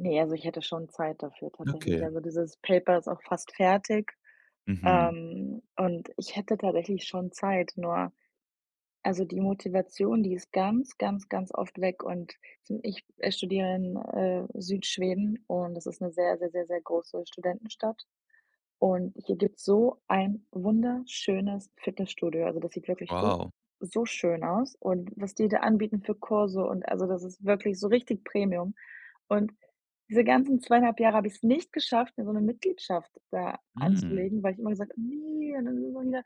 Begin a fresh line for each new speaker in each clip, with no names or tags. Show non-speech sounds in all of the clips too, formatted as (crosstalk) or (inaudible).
Ne, also, ich hätte schon Zeit dafür tatsächlich.
Okay.
Also dieses Paper ist auch fast fertig,
Mhm.
ähm, und ich hätte tatsächlich schon Zeit, nur also, die Motivation, die ist ganz, ganz, ganz oft weg und zum ich, äh, studiere in, äh, Südschweden und das ist 'ne sehr, sehr, sehr, sehr große Studentenstadt und hier gibt's so ein wunderschönes Fitnessstudio. Also, das sieht wirklich so
Wow.
so schön aus und was die da anbieten für Kurse und also, das ist wirklich so richtig Premium. Und diese ganzen 2,5 Jahre habe ich's nicht geschafft, mir so 'ne Mitgliedschaft da
Hm.
anzulegen, weil ich immer gesagt habe: „Ne, dann sind das ja wieder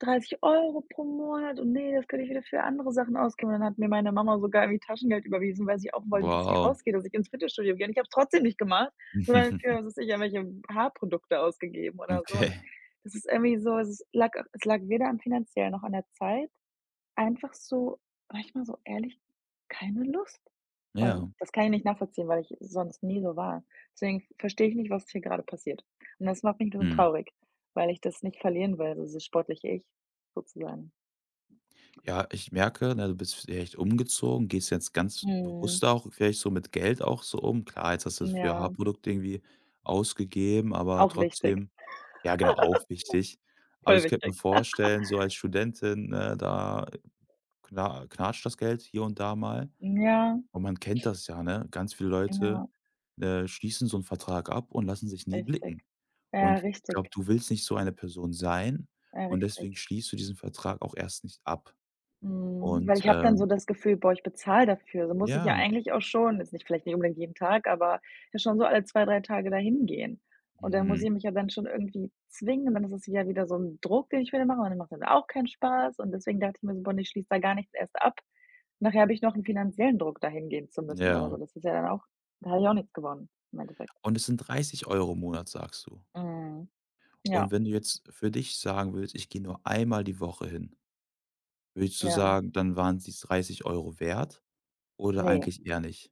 30 € pro Monat und, ne, das könnte ich wieder für andere Sachen ausgeben.“ Dann hat mir meine Mama sogar irgendwie Taschengeld überwiesen, weil sie auch wollte, dass ich
Wow.
rausgehe, dass ich ins Fitnessstudio gehe und ich habe es trotzdem nicht gemacht, sondern für
(chuckles)
was weiß ich, irgendwelche Haarprodukte ausgegeben oder so und
Okay.
das ist irgendwie so also, es lag es lag weder am finanziellen noch an der Zeit einfach so, sage ich mal, so ehrlich, keine Lust und
Ja.
das kann ich nicht nachvollziehen, weil ich sonst nie so war. Deswegen verstehe ich nicht, was hier grade passiert und das macht mich nun
Mhm.
traurig, weil ich das nicht verlieren will, so dieses sportliche Ich sozusagen.
Ja, ich merke, ne, du bist vielleicht umgezogen, gehst jetzt ganz
Mhm.
bewusster auch vielleicht so mit Geld auch so um. Klar, jetzt hast du das für
Ja.
Haarprodukt irgendwie ausgegeben, aber
Auch wichtig.
trotzdem ja, genau, auch wichtig.
(laughs)
Aber
Voll
ich könnte mir
wichtig. (laughs)
vorstellen, so als Studentin, ne, da kna knatscht das Geld hier und da mal
Ja.
und man kennt das ja, ne, ganz viele Leute,
Ja.
äh, schließen so 'n Vertrag ab und lassen sich nie
Richtig.
blicken.
Ja,
Und ich glaube,
richtig.
du willst nicht so eine Person sein
Ja,
und
richtig.
deswegen schließt du diesen Vertrag auch erst nicht ab
Mhm. Weil
und,
ich habe dann so
ähm
das Gefühl: „Boah, ich bezahle dafür, also, muss ich ja
Ja.
eigentlich auch schon jetzt nicht vielleicht nicht unbedingt jeden Tag, aber, ja, schon so alle 2, 3 Tage dahin gehen.” Und dann muss
Mhm.
ich mich ja dann schon irgendwie zwingen. Und dann es ist ja wieder so 'n Druck, den ich wieder mache und dann macht mir das auch keinen Spaß und deswegen dachte ich mir so: „Boah, ne, ich schließe da gar nichts erst ab. Nachher habe ich noch 'n finanziellen Druck, da hingehen zu müssen oder so.“
Ja.
Das ist ja dann auch da habe ich auch nichts gewonnen im Endeffekt.
Und es sind 30 € im Monat, sagst du.
Mhm.
Und
Ja.
wenn du jetzt für dich sagen würdest: „Ich gehe nur einmal die Woche hin", würdest du
Ja.
sagen: „Dann waren's die 30 € wert" oder
Ne.
eigentlich eher nicht?